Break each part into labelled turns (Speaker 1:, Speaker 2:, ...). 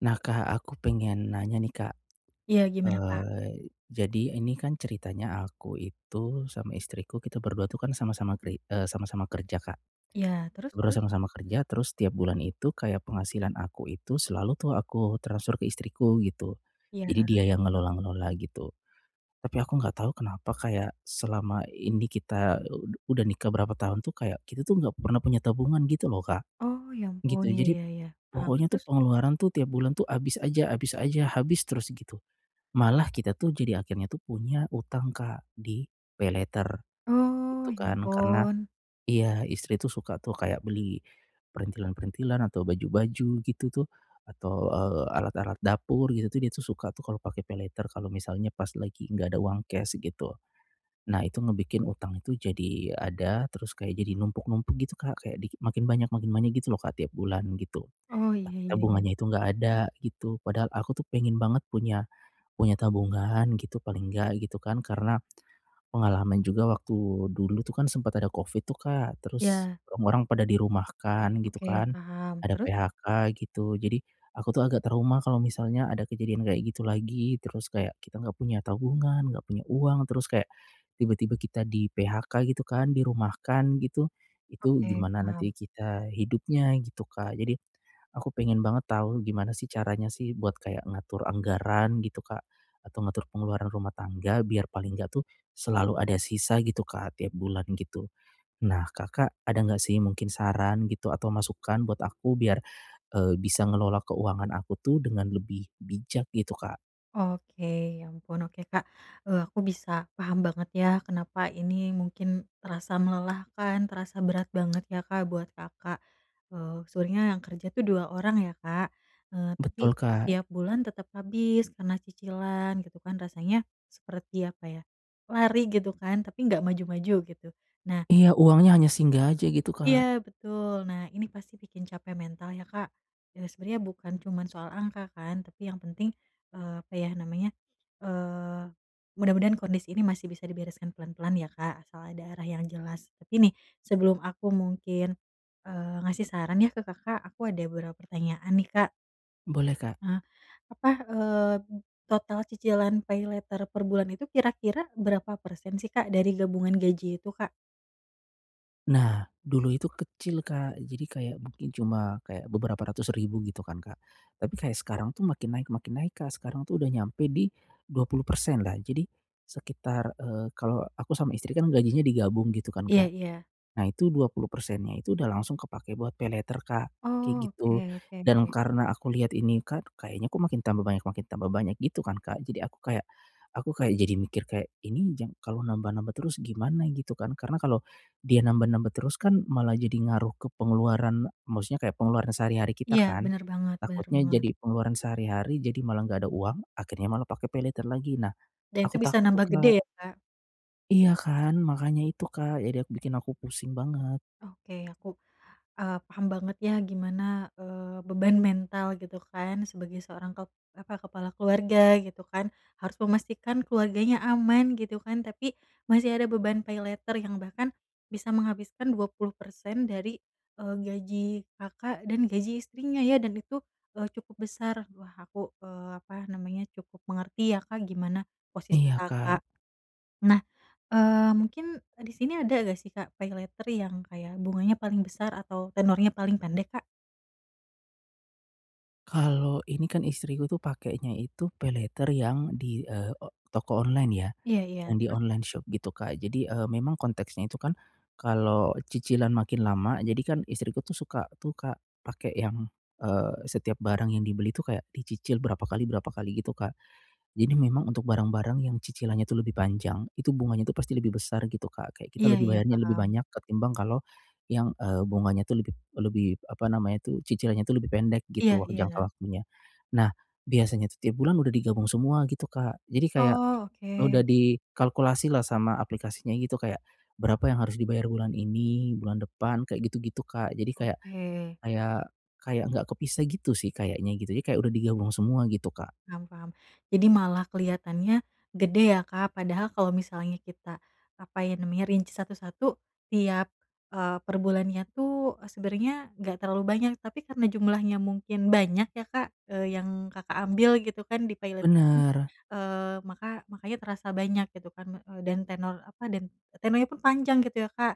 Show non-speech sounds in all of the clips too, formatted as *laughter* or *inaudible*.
Speaker 1: Nah Kak, aku pengen nanya nih Kak.
Speaker 2: Ya gimana Kak?
Speaker 1: Eee, jadi ini kan ceritanya aku itu, sama istriku kita berdua itu kan sama-sama kri e sama-sama kerja Kak.
Speaker 2: Iya terus
Speaker 1: Ber
Speaker 2: terus?
Speaker 1: sama-sama kerja terus setiap bulan itu kayak penghasilan aku itu selalu tuh aku transfer ke istriku, gitu.
Speaker 2: Iya.
Speaker 1: Jadi dia yang ngelola-ngelola gitu. Tapi aku enggak tahu kenapa kayak, selama ini kita, udah nikah berapa tahun tuh kayak, kita tuh enggak pernah punya tabungan gitu loh Kak,
Speaker 2: Oh ya ampun.
Speaker 1: gitu.
Speaker 2: Iya
Speaker 1: Jadi,
Speaker 2: iya iya, paham,
Speaker 1: pokoknya tuh
Speaker 2: terus?
Speaker 1: pengeluaran tuh tiap bulan tuh habis aja habis aja, habis terus gitu. Malah kita tuh jadi akhirnya tuh punya hutang Kak, di paylater,
Speaker 2: Oh,
Speaker 1: gitu
Speaker 2: ya
Speaker 1: kan. Karena
Speaker 2: ampun.
Speaker 1: iya, istri tuh suka tuh kayak beli, perintilan-perintilan, atau baju-baju gitu tuh, atau e alat-alat dapur gitu, dia tuh suka tuh kalau pakai paylater, kalau misalnya pas lagi enggak ada uang cash, gitu. Nah itu ngebikin utang itu jadi ada, terus kayak jadi numpuk-numpuk gitu Kak, kayak di makin banyak makin banyak gitu lho Kak tiap bulan, gitu.
Speaker 2: Oh, iya
Speaker 1: Tapi
Speaker 2: iya iya.
Speaker 1: tabungannya itu enggak ada, gitu. Padahal aku tuh pengen banget punya punya tabungan gitu, paling enggak gitu kan, karena, pengalaman juga waktu dulu tuh kan sempet ada covid itu Kak, terus,
Speaker 2: Ya.
Speaker 1: orang-orang pada dirumahkan gitu
Speaker 2: Oke
Speaker 1: kan,
Speaker 2: paham,
Speaker 1: ada
Speaker 2: terus?
Speaker 1: PHK gitu. Jadi, aku tuh agak trauma kalau misalnya ada kejadian kayak gitu lagi, terus kayak, kita enggak punya tabungan, enggak punya uang, terus kayak, tiba-tiba kita di PHK gitu kan dirumahkan gitu. Itu
Speaker 2: Oke,
Speaker 1: gimana nanti
Speaker 2: paham.
Speaker 1: kita hidupnya, gitu Kak. Jadi, aku pengen banget tahu gimana sih caranya sih buat kayak ngatur anggaran, gitu Kak. Atau ngatur pengeluaran rumah tangga biar paling enggak tuh, selalu ada sisa gitu Kak tiap bulan gitu. Nah Kakak, ada enggak sih mungkin saran gitu atau masukan buat aku biar e bisa ngelola keuangan aku tuh dengan lebih bijak gitu Kak?
Speaker 2: Oke, ya, ampun, oke, Kak. Eee, aku bisa paham banget, ya, kenapa ini mungkin terasa melelahkan, terasa berat banget, ya, Kak, buat Kakak. Eee, sebenernya yang kerja itu 2 orang, ya, Kak. Eee, tapi
Speaker 1: Betul, Kak.
Speaker 2: tiap bulan tetap habis karena cicilan gitu, kan, rasanya seperti apa, ya, lari gitu, kan, tapi nggak maju-maju, gitu. Nah
Speaker 1: Iya, uangnya hanya singgah aja gitu, Kak.
Speaker 2: Iya, betul. Nah, ini pasti bikin capek mental, ya, Kak. Eee, sebenernya bukan cuma soal angka, kan, tapi yang penting, eee, apa, ya, namanya, eee, mudah-mudahan kondisi ini masih bisa dibereskan pelan-pelan, ya, Kak, asal ada arah yang jelas. Tapi, nih, sebelum aku mungkin, eee, ngasih saran, ya, ke Kakak, aku ada beberapa pertanyaan, nih, Kak.
Speaker 1: Boleh, Kak.
Speaker 2: Ah, apa, eee, total cicilan paylater per bulan itu kira-kira berapa persen, sih, Kak, dari gabungan gaji itu, Kak?
Speaker 1: Nah, dulu itu kecil, Kak, Jadi kayak mungkin cuma, kayak beberapa ratus ribu gitu, kan, Kak. Tapi kayak sekarang itu makin naik makin naik, Kak. Sekarang, tuh, udah nyampe di 20% lah. Jadi, sekitar, eee, kalo aku sama istri, kan, gajinya digabung gitu, kan,
Speaker 2: Iya
Speaker 1: Kak.
Speaker 2: iya.
Speaker 1: Nah, itu 20%-nya itu udah langsung kepake buat paylater, Kak, kayak
Speaker 2: Oh,
Speaker 1: gitu.
Speaker 2: oke
Speaker 1: Dan
Speaker 2: oke.
Speaker 1: karena aku lihat ini, Kak, kayaknya, kok, makin tambah banyak makin tambah banyak gitu, kan, Kak. Jadi aku kayak, aku kayak jadi mikir kayak, ini jang kalau nambah-nambah terus gimana gitu, kan. Karena kalau dia nambah-nambah terus, kan, malah jadi ngaruh ke pengeluaran maksudnya kayak pengeluaran sehari-hari kita,
Speaker 2: Iya,
Speaker 1: kan.
Speaker 2: bener banget bener
Speaker 1: Takutnya
Speaker 2: banget.
Speaker 1: jadi pengeluaran sehari-hari jadi malah enggak ada uang, akhirnya malah pakai paylater lagi. Nah,
Speaker 2: Dan itu
Speaker 1: aku
Speaker 2: bisa
Speaker 1: takut, tuh,
Speaker 2: nambah gede,
Speaker 1: Kak.
Speaker 2: ya, Kak?
Speaker 1: Iya kan? Makanya itu Kak. Jadi aku bikin aku pusing banget.
Speaker 2: Oke aku, eee, paham banget ya gimana, eee, beban mental gitu kan sebagai seorang kep apa, kepala keluarga gitu kan, harus memastikan keluarganya aman gitu kan. Tapi masih ada beban paylater yang bahkan bisa menghabiskan 20%, dari, eee, gaji Kakak dan gaji istrinya ya, dan itu, eee, cukup besar. Wah, aku, eee, apa namanya, cukup mengerti ya Kak gimana posisi
Speaker 1: Iya Kak.
Speaker 2: Kakak. Nah, eee, mungkin, eee, di sini ada nggak sih Kak paylater yang kayak bunganya paling besar atau tenornya paling pendek Kak?
Speaker 1: Kalo ini kan istriku tuh pakenya itu paylater yang di, eee, o toko online ya,
Speaker 2: Iya iya.
Speaker 1: yang di
Speaker 2: Terus?
Speaker 1: online shop gitu Kak. Jadi, eee, memang konteksnya itu kan kalo cicilan makin lama jadi kan istriku tuh suka tuh Kak pake yang, eee, setiap barang yang dibeli tuh kayak dicicil berapa kali berapa kali gitu Kak. Jadi memang untuk barang-barang yang cicilannya tuh lebih panjang itu bunganya tuh pasti lebih besar gitu Kak, kayak kita
Speaker 2: Iya
Speaker 1: lebih
Speaker 2: iya.
Speaker 1: bayarnya lebih
Speaker 2: Paham.
Speaker 1: banyak ketimbang kalo yang, eee, bunganya tuh lebih lebih apa namanya tuh, cicilannya tuh lebih pendek
Speaker 2: Iya
Speaker 1: gitu wak
Speaker 2: iya.
Speaker 1: jangka waktunya. Nah, biasanya tuh tiap bulan udah digabung semua gitu Kak, Jadi kayak
Speaker 2: Oh,
Speaker 1: udah
Speaker 2: oke.
Speaker 1: dikalkulasilah sama aplikasinya gitu kayak, berapa yang harus dibayar bulan ini, bulan depan kayak gitu-gitu, Kak. Jadi kayak
Speaker 2: Oke.
Speaker 1: kayak kayak enggak kepisah gitu sih kayaknya gitu. Jadi kayak udah digabung semua gitu Kak.
Speaker 2: Paham paham. Jadi malah keliatannya gede ya Kak. Padahal kalo misalnya kita, apa ya namanya, rinci satu-satu tiap, eee, perbulannya tuh, eee, sebenernya nggak terlalu banyak. Tapi karena jumlahnya mungkin banyak ya Kak, eee, yang Kakak ambil gitu kan di paylat ini,
Speaker 1: Bener.
Speaker 2: eee, maka makanya terasa banyak gitu kan, eee, dan tenor, apa, dan tenornya pun panjang gitu ya Kak,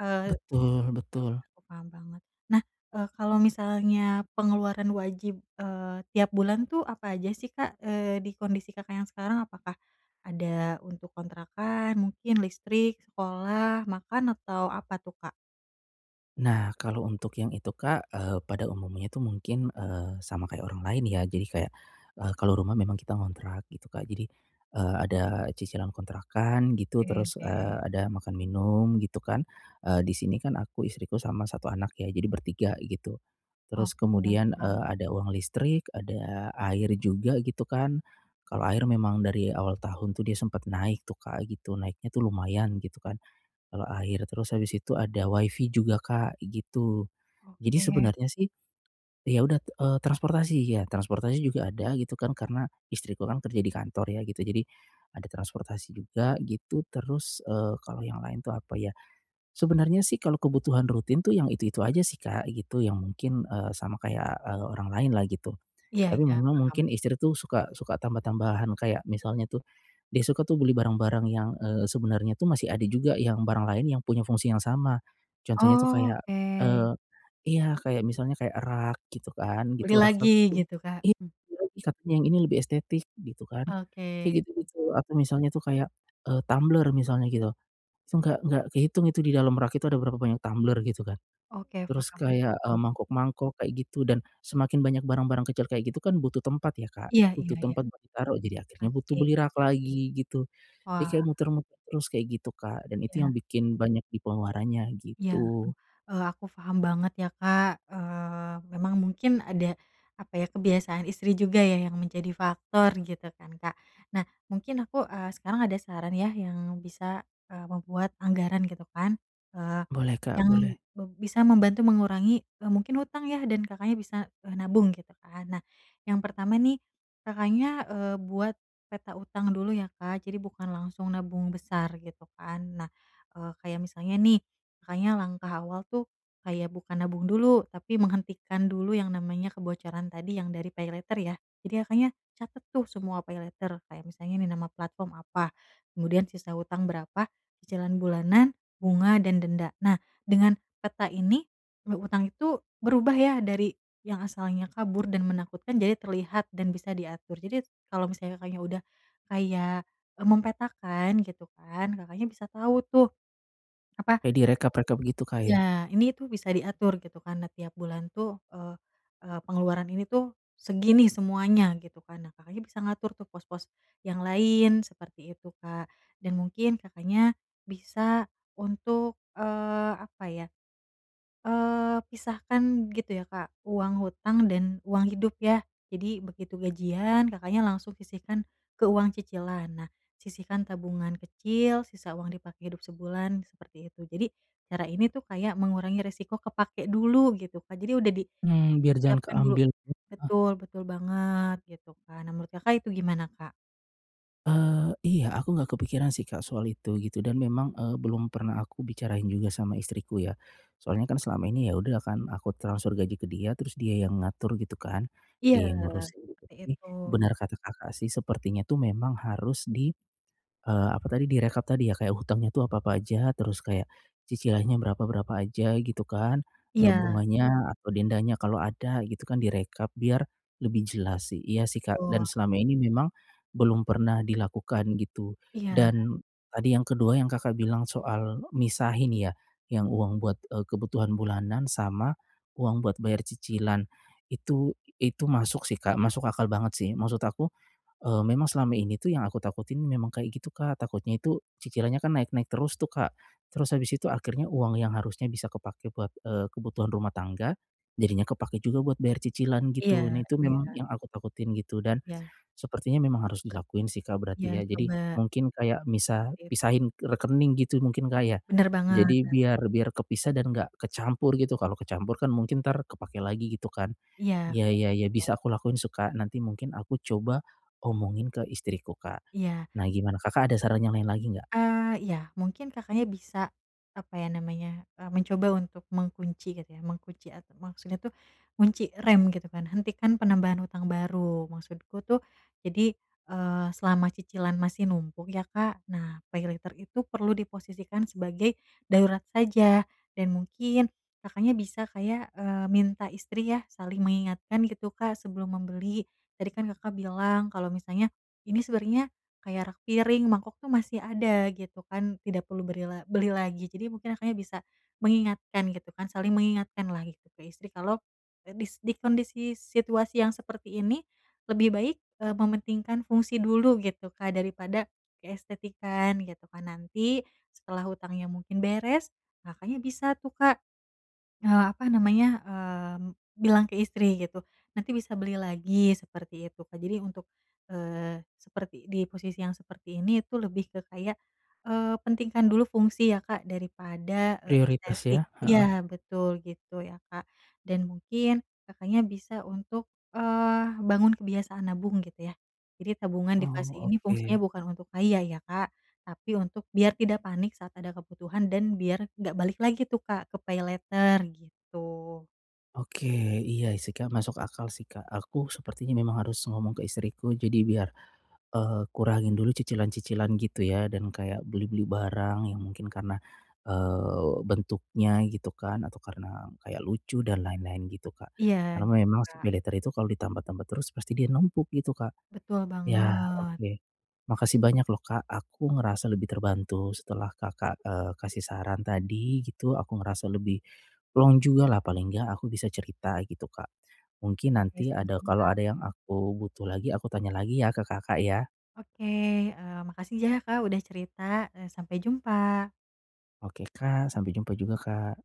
Speaker 2: eee
Speaker 1: Betul betul.
Speaker 2: aku paham banget. Nah, eee, kalo misalnya pengeluaran wajib, eee, tiap bulan tuh apa aja sih Kak, eee, di kondisi Kakak yang sekarang? Apakah ada untuk kontrakan mungkin listrik, sekolah, makan atau apa tuh Kak?
Speaker 1: Nah, kalau untuk yang itu, Kak, eee pada umumnya itu mungkin eee sama kayak orang lain, ya. Jadi kayak, eee, kalau rumah memang kita ngontrak gitu, Kak. Jadi, eee, ada cicilan kontrakan, gitu.
Speaker 2: Oke,
Speaker 1: Terus, eee,
Speaker 2: oke.
Speaker 1: ada makan minum, gitu, kan. Eee, di sini kan aku, istriku, sama satu anak, ya, jadi bertiga, gitu.
Speaker 2: Oh,
Speaker 1: Terus
Speaker 2: iya,
Speaker 1: kemudian,
Speaker 2: paham.
Speaker 1: eee, ada uang listrik, ada air juga, gitu, kan. Kalau air memang dari awal tahun tuh, dia sempat naik tuh, Kak, gitu naiknya tuh lumayan gitu, kan. Eee, air, terus habis itu ada Wi-Fi juga, Kak, gitu. Jadi
Speaker 2: Oke.
Speaker 1: sebenernya sih, ya, udah, eee transportasi ya, transportasi juga ada gitu, kan karena istriku kan kerja di kantor ya, gitu. Jadi ada transportasi juga, gitu. Terus, eee, kalau yang lain tuh apa ya? Sebenernya sih kalau kebutuhan rutin tuh yang itu-itu aja sih, Kak, gitu, yang mungkin, eee, sama kayak, eee, orang lain lah, gitu.
Speaker 2: Iya
Speaker 1: Tapi
Speaker 2: iya,
Speaker 1: memang
Speaker 2: paham.
Speaker 1: mungkin istri tuh suka suka tambah-tambahan kayak misalnya tuh, dia suka tuh beli barang-barang yang, eee, sebenarnya itu masih ada juga, yang barang lain yang punya fungsi yang sama. Contohnya itu kayak,
Speaker 2: Oke.
Speaker 1: eee iya, kayak misalnya kayak rak gitu kan,
Speaker 2: Beli
Speaker 1: gitu,
Speaker 2: lagi,
Speaker 1: rak-rak itu
Speaker 2: gitu Kak,
Speaker 1: iya,
Speaker 2: mmm.
Speaker 1: katanya yang ini lebih estetik gitu, kan.
Speaker 2: Oke.
Speaker 1: Kayak gitu-gitu. Atau misalnya itu kayak, eee, tumbler misalnya gitu. Itu nggak nggak kehitung itu di dalam rak itu ada berapa banyak tumbler gitu, kan.
Speaker 2: Oke,
Speaker 1: Terus
Speaker 2: paham
Speaker 1: kayak, eee,
Speaker 2: paham.
Speaker 1: mangkuk-mangkuk kayak gitu dan semakin banyak barang-barang kecil kayak gitu kan butuh tempat ya, Kak.
Speaker 2: Iya iya
Speaker 1: Butuh
Speaker 2: iya.
Speaker 1: tempat buat ditaruh. Jadi akhirnya butuh
Speaker 2: Pasti.
Speaker 1: beli rak lagi, gitu. Jadi
Speaker 2: Wah.
Speaker 1: kayak muter-muter terus kayak gitu, Kak. Dan itu yang
Speaker 2: Iya.
Speaker 1: bikin banyak di pengeluarannya,
Speaker 2: Iya, duh.
Speaker 1: gitu.
Speaker 2: Eee, aku paham banget ya, Kak. Eee, memang mungkin ada apa ya kebiasaan istri juga ya, yang menjadi faktor gitu, kan, Kak. Nah, mungkin aku, eee, sekarang ada saran ya, yang bisa, eee, membuat anggaran gitu, kan, eee,
Speaker 1: Boleh, Kak.
Speaker 2: yang
Speaker 1: Boleh.
Speaker 2: be bisa membantu mengurangi, eee, mungkin hutang, ya, dan Kakaknya bisa, eee, nabung gitu, kan. Nah, yang pertama nih, Kakaknya, eee, buat peta hutang dulu, ya, Kak. Jadi bukan langsung nabung besar gitu, kan. Nah, eee, kayak misalnya nih, Kakaknya langkah awal tuh kayak bukan nabung dulu, tapi menghentikan dulu yang namanya kebocoran tadi yang dari pay later, ya. Jadi Kakaknya catet tuh semua pay later. Kayak misalnya nih nama platform apa, kemudian sisa hutang berapa, cicilan bulanan, bunga dan denda. Nah, dengan peta ini, eee, hutang itu berubah ya dari yang asalnya kabur dan menakutkan jadi terlihat dan bisa diatur. Jadi kalau misalnya Kakaknya udah kayak mempetakan gitu kan, Kakaknya bisa tahu tuh. Apa
Speaker 1: Kayak direkap-rekap gitu, Kak, ya.
Speaker 2: Iya. Ini tuh bisa diatur gitu, kan. Nah, tiap bulan tuh, eee eee pengeluaran ini tuh segini semuanya gitu, kan. Nah, Kakaknya bisa ngatur tuh pos-pos yang lain seperti itu, Kak. Dan mungkin Kakaknya bisa untuk, eee, apa ya, eee, pisahkan gitu, ya, Kak. Uang hutang dan uang hidup, ya. Jadi begitu gajian, Kakaknya langsung sisihkan ke uang cicilan. Nah, sisihkan tabungan kecil, sisa uang dipakai hidup sebulan, seperti itu. Jadi cara ini tuh kayak mengurangi resiko kepake dulu, gitu, Kak. Jadi udah
Speaker 1: Mhm, biar jangan
Speaker 2: disiapkan dulu
Speaker 1: keambil. *unintelligible*
Speaker 2: betul, betul banget, gitu. kan. Nah, menurut Kakak itu gimana, Kak?
Speaker 1: Eee, iya, aku enggak kepikiran sih, Kak, soal itu, gitu. Dan memang, eee, belum pernah aku bicarain juga sama istriku ya. Soalnya kan selama ini ya udah kan, aku transfer gaji ke dia, terus dia yang ngatur gitu kan,
Speaker 2: Iya,
Speaker 1: dia yang ngurusin.
Speaker 2: seperti
Speaker 1: Tapi,
Speaker 2: itu.
Speaker 1: benar kata Kakak sih sepertinya tuh memang harus di, eee, apa tadi direkap tadi ya kayak hutangnya itu apa-apa aja, terus kayak, cicilannya berapa-berapa aja, gitu kan. Eee,
Speaker 2: Iya.
Speaker 1: bunganya, atau dendanya kalau ada gitu kan direkap biar, lebih jelas sih. Iya sih, Kak, dan
Speaker 2: Betul.
Speaker 1: selama ini memang, belum pernah dilakukan gitu.
Speaker 2: Iya.
Speaker 1: Dan, tadi yang kedua yang Kakak bilang soal, misahin ya, yang uang buat, eee, kebutuhan bulanan sama, uang buat bayar cicilan, itu itu masuk sih, Kak, masuk akal banget sih. Maksud aku, eee, memang selama ini tuh yang aku takutin memang kayak gitu, Kak. Takutnya itu, cicilannya kan naik-naik terus tuh, Kak. Terus habis itu akhirnya uang yang harusnya bisa kepake buat, eee, kebutuhan rumah tangga, jadinya kepake juga buat bayar cicilan gitu.
Speaker 2: Iya
Speaker 1: Nih tuh
Speaker 2: iya.
Speaker 1: memang yang aku takutin gitu. Dan,
Speaker 2: Ya.
Speaker 1: sepertinya memang harus dilakuin sih, Kak, berarti
Speaker 2: Ya,
Speaker 1: ya. Jadi,
Speaker 2: coba.
Speaker 1: mungkin kayak misah
Speaker 2: Begitu.
Speaker 1: pisahin rekening gitu mungkin, Kak, ya?
Speaker 2: Benar banget
Speaker 1: Jadi
Speaker 2: benar
Speaker 1: biar
Speaker 2: banget.
Speaker 1: biar kepisah dan enggak kecampur gitu. Kalau kecampur kan mungkin entar kepake lagi gitu kan.
Speaker 2: Iya,
Speaker 1: Ya
Speaker 2: kayak
Speaker 1: ya ya
Speaker 2: gitu.
Speaker 1: bisa aku lakuin sih, Kak. Nanti mungkin aku coba omongin ke istriku, Kak.
Speaker 2: Iya.
Speaker 1: Nah gimana Kakak ada saran yang lain lagi enggak?
Speaker 2: Eee, iya, mungkin Kakaknya bisa, apa ya namanya, eee, mencoba untuk mengunci gitu ya, mengunci ata maksudnya tuh, ngunci rem gitu kan, hentikan penambahan hutang baru. Maksudku tuh, jadi, eee, selama cicilan masih numpuk ya, Kak? Nah, PayLater itu perlu diposisikan sebagai, darurat saja. Dan mungkin, Kakaknya bisa kayak, eee, minta istri ya, saling mengingatkan gitu, Kak, sebelum membeli. Tadi kan Kakak bilang kalau misalnya, ini sebenarnya, kayak rak piring, mangkok itu masih ada, gitu kan, tidak perlu beri la beli lagi. Jadi mungkin Kakaknya bisa, mengingatkan gitu kan, saling mengingatkanlah gitu ke istri. Kalau, dis di kondisi situasi yang seperti ini, lebih baik, eee, mementingkan fungsi dulu gitu, Kak, daripada, keestetikan gitu kan. Nanti, setelah hutangnya mungkin beres, Kakaknya bisa tuh, Kak, eee, apa namanya, mmm, bilang ke istri gitu, "Nanti bisa beli lagi," seperti itu, Kak. Jadi untuk, eee, seperti di posisi yang seperti ini itu lebih ke kayak, eee, pentingkan dulu fungsi ya, Kak, daripada, eee,
Speaker 1: Prioritas
Speaker 2: estetik.
Speaker 1: ya? Heeh.
Speaker 2: Iya, betul gitu ya, Kak. Dan mungkin, Kakaknya bisa untuk, eee, bangun kebiasaan nabung gitu ya. Jadi tabungan di fase
Speaker 1: Oh,
Speaker 2: ini fungsinya
Speaker 1: oke.
Speaker 2: bukan untuk kaya ya, Kak, tapi untuk biar tidak panik saat ada kebutuhan dan biar enggak balik lagi tuh, Kak, ke PayLater, gitu.
Speaker 1: Oke. Iya sih, Kak, masuk akal sih, Kak. Aku sepertinya memang harus ngomong ke istriku jadi biar, eee, kurangin dulu cicilan-cicilan gitu ya, dan kayak beli-beli barang yang mungkin karena, eee, bentuknya gitu kan, atau karena kayak lucu dan lain-lain gitu, Kak.
Speaker 2: Iya,
Speaker 1: Karena
Speaker 2: gitu,
Speaker 1: memang si
Speaker 2: Kak.
Speaker 1: PayLater itu kalau ditambah-tambah terus, pasti dia numpuk gitu, Kak.
Speaker 2: Betul
Speaker 1: Iya,
Speaker 2: banget.
Speaker 1: oke. Makasih banyak loh, Kak. Aku ngerasa lebih terbantu setelah Kakak, eee, kasih saran tadi gitu, aku ngerasa lebih, plong jugalah, paling enggak aku bisa cerita gitu, Kak. Mungkin
Speaker 2: Oke,
Speaker 1: nanti ada
Speaker 2: sama-sama,
Speaker 1: kalau
Speaker 2: Kak.
Speaker 1: ada yang aku butuh lagi, aku tanya lagi ya ke Kakak ya?
Speaker 2: Oke. Eee, makasih jah ya, Kak, udah cerita, eee, sampai jumpa.
Speaker 1: Oke, Kak. Sampai jumpa juga, Kak.